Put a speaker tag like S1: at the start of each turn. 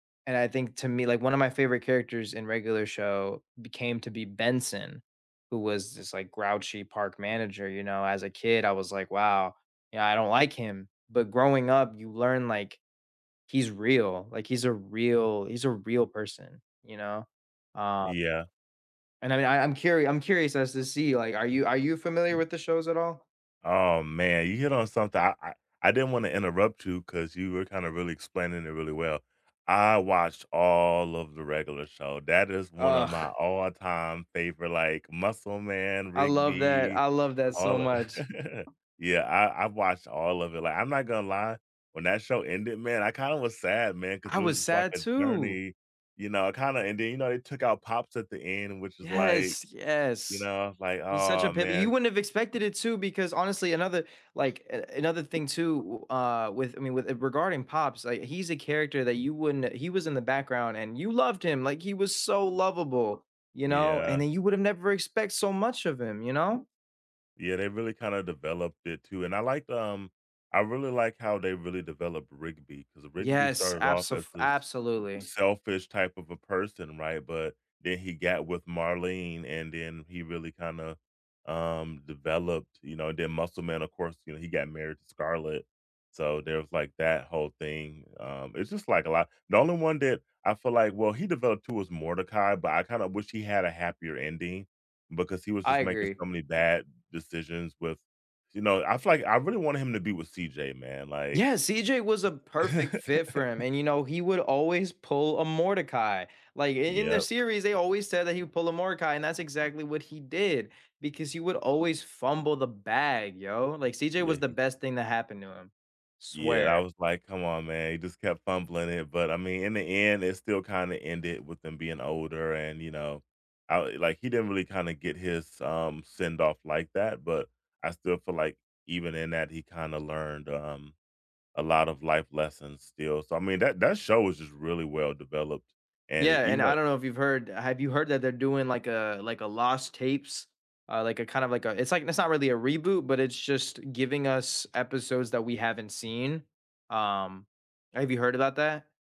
S1: And I think to me like, one of my favorite characters in Regular Show became to be Benson, who was this, like, grouchy park manager, you know, as a kid, I was like, "Wow, you know, I don't like him." But growing up, you learn, like, he's real, like, he's a real he's a real person, you know? Um
S2: Yeah.
S1: And, I mean, I I'm curi I'm curious as to see, like, are you are you familiar with the shows at all?
S2: Oh, man you hit on something, I I I didn't wanna interrupt you 'cause you were kinda really explaining it really well. I watched all of the Regular Show, that is one of my
S1: Ugh.
S2: all time favorite, like, Muscle Man,
S1: I love that
S2: Rigby,
S1: I love that so
S2: all o
S1: much.
S2: yeah, I I've watched all of it, like, I'm not gonna lie, when that show ended, man, I kinda was sad, man, 'cause
S1: I
S2: it was
S1: was
S2: just like
S1: sad
S2: a
S1: too!
S2: journey, you know? I kinda and then, you know, it took out Pops at the end, which is like,
S1: Yes.
S2: you
S1: Yes.
S2: know, like,
S1: He's such a
S2: aw,
S1: pimp you
S2: man
S1: wouldn't have expected it too, because honestly, another like, a another thing too w uh, with I mean, with it regarding Pops, like, he's a character that you wouldn't e he was in the background, and you loved him, like, he was so lovable, you know? And
S2: Yeah.
S1: then you would have never expect so much of him you know?
S2: Yeah, they really kinda developed it too, and I liked, um I really like how they really developed Rigby because Rigby
S1: Yes,
S2: started off
S1: abso
S2: as
S1: f
S2: this
S1: absolutely.
S2: selfish type of a person, right? But then he got with Marlene, and then he really kinda, um, developed, you know and then Muscle Man, of course, you know, he got married to Scarlett so, there was, like, that whole thing, um, it's just like a lot the only one that I feel like well, he developed too as Mordecai, but I kinda wish he had a happier ending because he was
S1: I
S2: just making
S1: agree.
S2: so many bad decisions with you know, I feel like I really wanted him to be with CJ, man, like
S1: Yeah, CJ was a perfect fit for him, and, you know, he would always pull a Mordecai. Like i in the
S2: Yep.
S1: series, they always said that he would pull a Mordecai, and that's exactly what he did because he would always fumble the bag, yo, like, CJ
S2: Yeah,
S1: was the
S2: he
S1: best thing that happened to him.
S2: Yeah, I
S1: Swear.
S2: was, like, "Come on, man," he just kept fumbling it, but I mean, in the end, it still kinda ended with them being older and, you know I like, he didn't really kinda get his, um, send off like that, but I still feel like even in that he kinda learned, um, a lot of life lessons still so, I mean that that show was just really well developed. And
S1: Yeah, and
S2: even
S1: I
S2: though
S1: don't know if you've heard have you heard that they're doing like a, like, a lost tapes? Uh, like, a kinda of like a it's like it's not really a reboot, but it's just giving us episodes that we haven't seen. Um, have you heard about that?